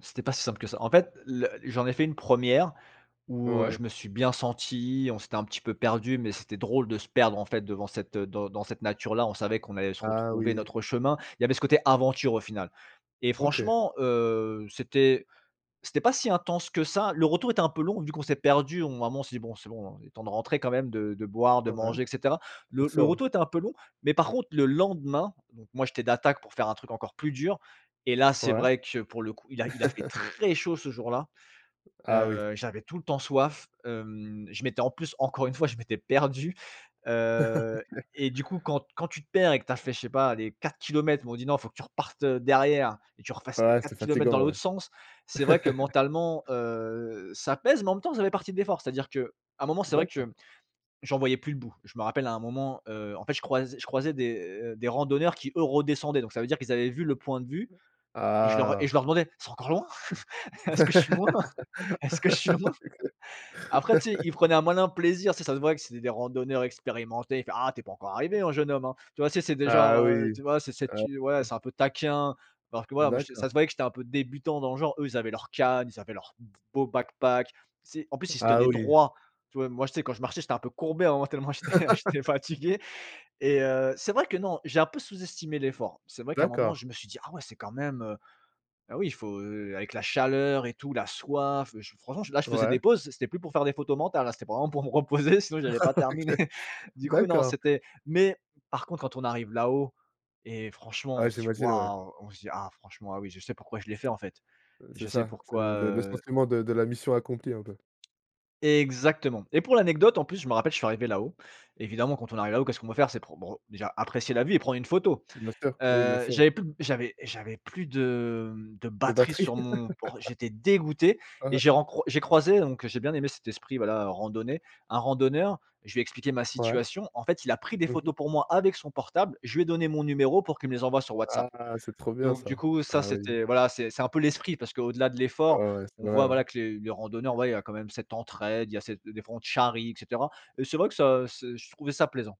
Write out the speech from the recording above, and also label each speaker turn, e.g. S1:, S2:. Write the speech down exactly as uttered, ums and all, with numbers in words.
S1: C'était pas si simple que ça. En fait, le j'en ai fait une première où, heu,
S2: Ouais.
S1: je me suis bien senti, on s'était un petit peu perdus mais c'était drôle de se perdre, en fait, devant cette, heu, dans dans cette nature là, on savait qu'on allait se
S2: Ah,
S1: retrouver
S2: oui.
S1: notre chemin. Il y avait ce côté aventure au final et
S2: OK.
S1: franchement, heu, c'était c'était pas si intense que ça, le retour était un peu long vu qu'on s'est perdus, on à un moment, on s'est dit: «Bon, c'est bon, il est temps de rentrer quand même, de de boire, de
S2: Ouais.
S1: manger et cetera». Le
S2: C'est
S1: le
S2: ça, ouais.
S1: retour était un peu long, mais par contre le lendemain, donc moi j'étais d'attaque pour faire un truc encore plus dur et là c'est
S2: Ouais.
S1: vrai que, pour le coup, il a il a fait très chaud ce jour-là,
S2: Ah oui.
S1: heu, j'avais tout le temps soif, hem, je m'étais en plus encore une fois, je m'étais perdu, heu,
S2: Oui
S1: et du coup quand quand tu te perds et que tu as fait, je sais pas, allez quatre kilomètres, ils m'ont dit: «Non, faut que tu repartes, heu, derrière et tu refasses les
S2: Ah ouais,
S1: quatre
S2: c'est
S1: kilomètres dans
S2: fatigant, ouais.
S1: l'autre sens», c'est vrai que mentalement, heu, ça pèse, mais en même temps ça fait partie de l'effort. C'est-à-dire qu'à un moment c'est vrai que
S2: D'accord.
S1: mmh, j'en voyais plus le bout. Je me rappelle à un moment, heu, en fait je croise je croisais des, heu, des randonneurs qui eux redescendaient, donc ça veut dire qu'ils avaient vu le point de vue et je leur et je
S2: Ah!
S1: leur demandais: «C'est encore loin? Est-ce que je suis
S2: Exact.
S1: loin? Est-ce que je suis loin?». Après tu sais, ils prenaient un malin plaisir, tu sais, ça se voyait que c'était des randonneurs expérimentés, il fait: «Ah! Tu es pas encore arrivé, hein, jeune homme, hein». Tu vois c'est c'est des genre,
S2: Ah,
S1: heu,
S2: oui!
S1: tu vois c'est c'est
S2: Ah
S1: tu ouais
S2: oui.
S1: c'est un peu taquin, parce que ouais moi je se
S2: D'accord.
S1: ça se voyait que j'étais un peu débutant dans le genre, eux ils avaient leur canne, ils avaient leur d beau Backpack. Tu sais, en plus ils se
S2: Ah
S1: tenaient
S2: oui.
S1: droit, tu vois moi tu sais quand je marchais j'étais un peu courbé, à un moment, tellement j'étais j'étais fatigué et heu, c'est vrai que non, j'ai un peu sous-estimé l'effort. C'est vrai qu'à un moment
S2: D'accord.
S1: je me suis dit: «Ah ouais! C'est quand même, heu». Ah oui, il faut, heu, avec la chaleur et tout, la soif, beh, ch franchement, là, je faisais
S2: Ouais.
S1: des pauses, c'était plus pour faire des photos mentales, hein, c'était vraiment pour me reposer, sinon j'allais pas terminer.
S2: OK.
S1: Du coup, non,
S2: D'accord.
S1: c'était mais par contre, quand on arrive là-haut et franchement, on
S2: Ouais,
S1: se dit:
S2: j'imagine, ouais.
S1: «Waouh!». On se dit: «Ah, franchement, ah oui, je sais pourquoi je l'ai
S2: Parce
S1: fait
S2: que
S1: en fait,
S2: ouais, c'est
S1: je sais
S2: ça, c'est
S1: pourquoi,
S2: le le le
S1: heu».
S2: sentiment de de la mission accomplie, un peu.
S1: Exactement. Et pour l'anecdote, en plus, je me rappelle, je suis arrivé là-haut, évidemment quand on arrive là-haut, qu'est-ce qu'on veut faire? C'est pour bre déjà apprécier la vue et prendre une photo.
S2: Bien sûr, Oui bien
S1: Heu,
S2: sûr.
S1: j'avais plus de b j'avais j'avais plus de mmh, de
S2: De
S1: batterie
S2: batterie.
S1: sur mon port j'étais dégoûté et
S2: Ouais.
S1: j'ai rencroi j'ai croisé- donc j'ai bien aimé cet esprit voilà, randonnée- un randonneur. Je lui ai expliqué ma
S2: Ouais.
S1: situation, en fait il a pris des
S2: Mmh mh.
S1: photos pour moi avec son portable, je lui ai donné mon numéro pour qu'il me les envoie sur WhatsApp.
S2: Ah! C'est trop bien,
S1: Donc du
S2: ça!
S1: coup, ça
S2: Ah oui.
S1: c'était voilà, c'est c'est un peu l'esprit parce qu'au delà de l'effort,
S2: Oh ouais, c'est
S1: on
S2: vrai,
S1: voit voilà,
S2: ouais.
S1: que les les randonneurs, ouais il y quand même cette entraide, il y a cette des fois on te charrie et cetera et c'est vrai que ça c'est je trouvais ça plaisant.